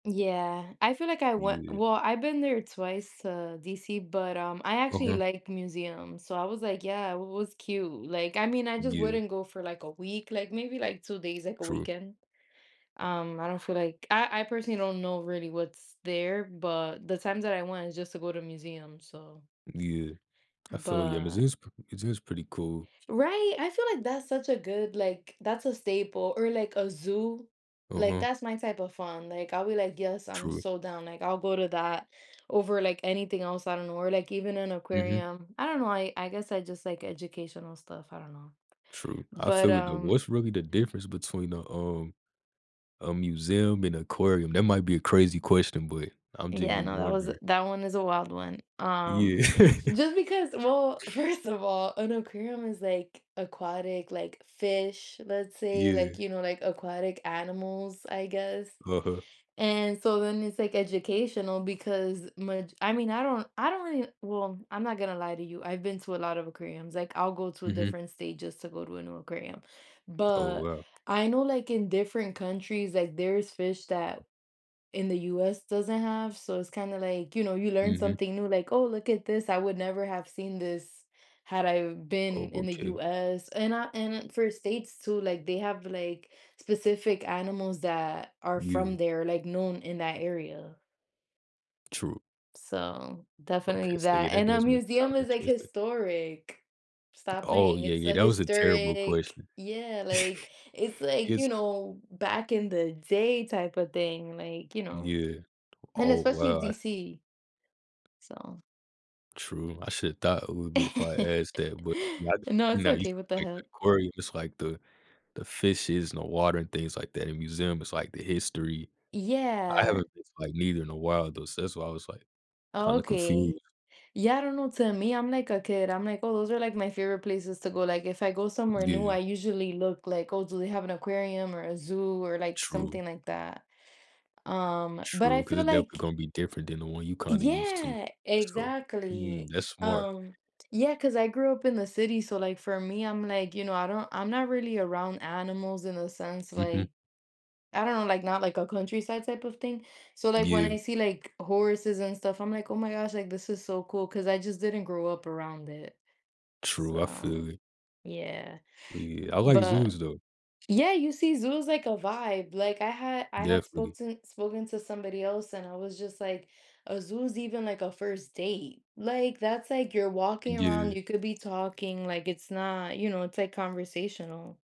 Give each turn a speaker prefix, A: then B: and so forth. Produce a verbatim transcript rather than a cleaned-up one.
A: Yeah, I feel like I went
B: Yeah.
A: well, I've been there twice to DC, but, um, I actually
B: Uh-huh
A: like museums. So, I was like, yeah, it was cute. Like, I mean, I just
B: Yeah.
A: wouldn't go for like a week, like, maybe like two days, like a
B: True.
A: weekend. Um, I don't feel like I I personally don't know really what's there, but the times that I went is just to go to a museum. So
B: Yeah. I feel ya. It
A: But
B: is it is pretty cool.
A: Right, I feel like that's such a good, like that's a staple or like a zoo. Like
B: Uh-huh.
A: that's my type of fun. Like, I'll be like, yes, I'm
B: True.
A: sold down. I'll go to that over like anything else, I don't know. Or like even an
B: Mhm.
A: aquarium, I don't know, I I guess I just like educational stuff, I don't know.
B: True. I
A: But,
B: feel it though.
A: um
B: What's really the difference between a, um, a museum and aquarium? That might be a crazy question, but I'm
A: Yeah,
B: genuinely
A: no, that was
B: wondering.
A: that one is a wild one.
B: Yeah.
A: Um, just because well, first of all, an aquarium is like aquatic, like fish, let's say, like,
B: Yeah.
A: you know, like aquatic animals, I guess,
B: Uh-uh
A: and so then it's like educational because much I mean, I don't I don't really well, I'm not gonna lie to you. I've been to a lot of aquariums, like I'll go to a
B: Mhm.
A: different state just to go to a new aquarium,
B: Oh,
A: but
B: wow.
A: I know like in different countries, like there's fish that in the US doesn't have. So, it's kind of like, you know, you learn
B: Mhm.
A: something new like, oh, look at this, I would never have seen this had I been
B: Oh,
A: in the
B: okay.
A: US and I and for states too, like they have like specific animals that are from
B: Yeah.
A: there, like known in that area.
B: True.
A: So definitely
B: Okay. So, yeah,
A: that
B: that
A: and a
B: does make it sound
A: museum is like
B: interesting.
A: historic, stop
B: Oh,
A: playing.
B: yeah,
A: It's
B: yeah.
A: a
B: That was a terrible
A: historic,
B: question.
A: yeah. Like, it's like, you
B: It's
A: know, back in the day type of thing, like, you know,
B: Yeah.
A: and
B: Oh,
A: especially
B: wow.
A: DC so
B: True. I should've thought it would be if I asked that, but,
A: No.
B: you
A: It's
B: know, you
A: okay.
B: said,
A: What the
B: like, the
A: hell?
B: aquarium, it's, like, the the fishes and the water and things like that. In museum, it's like the history. I
A: Yeah.
B: haven't been, like, neither in a while, though, so that's why I was, like, kinda confused.
A: Okay. Yeah, I don't know, to me, I'm like a kid, I'm like, oh, those are like my favorite places to go. Like, if I go somewhere new,
B: Yeah.
A: I usually look like, "Oh, do they have an aquarium or a zoo," or like
B: True.
A: something like that. Um, but I
B: True, 'cause
A: feel
B: it definitely
A: like
B: gonna be different than the one you kinda used to.
A: Yeah,
B: So, mm,
A: exactly,
B: that's smart.
A: um, Yeah, 'cause I grew up in the city. So, like, for me, I'm like, you know, I don't I'm not really around animals in a sense, like,
B: Mhm.
A: I don't know, like not like a countryside type of thing. So, like when
B: Yeah.
A: I see like horses and stuff, I'm like, "Oh my gosh, like this is so cool," 'cause I just didn't grow up around it.
B: True. I feel
A: So,
B: it
A: yeah,
B: Yeah. I like
A: but
B: zoos, though.
A: yeah, you see Zoo is like a vibe. Like I had I had spoke
B: Definitely.
A: to spoken to somebody else and I was just like, "A zoo's even like a first date." Like that's like, you're walking around,
B: Yeah.
A: you could be talking, like it's not, you know, it's like conversational.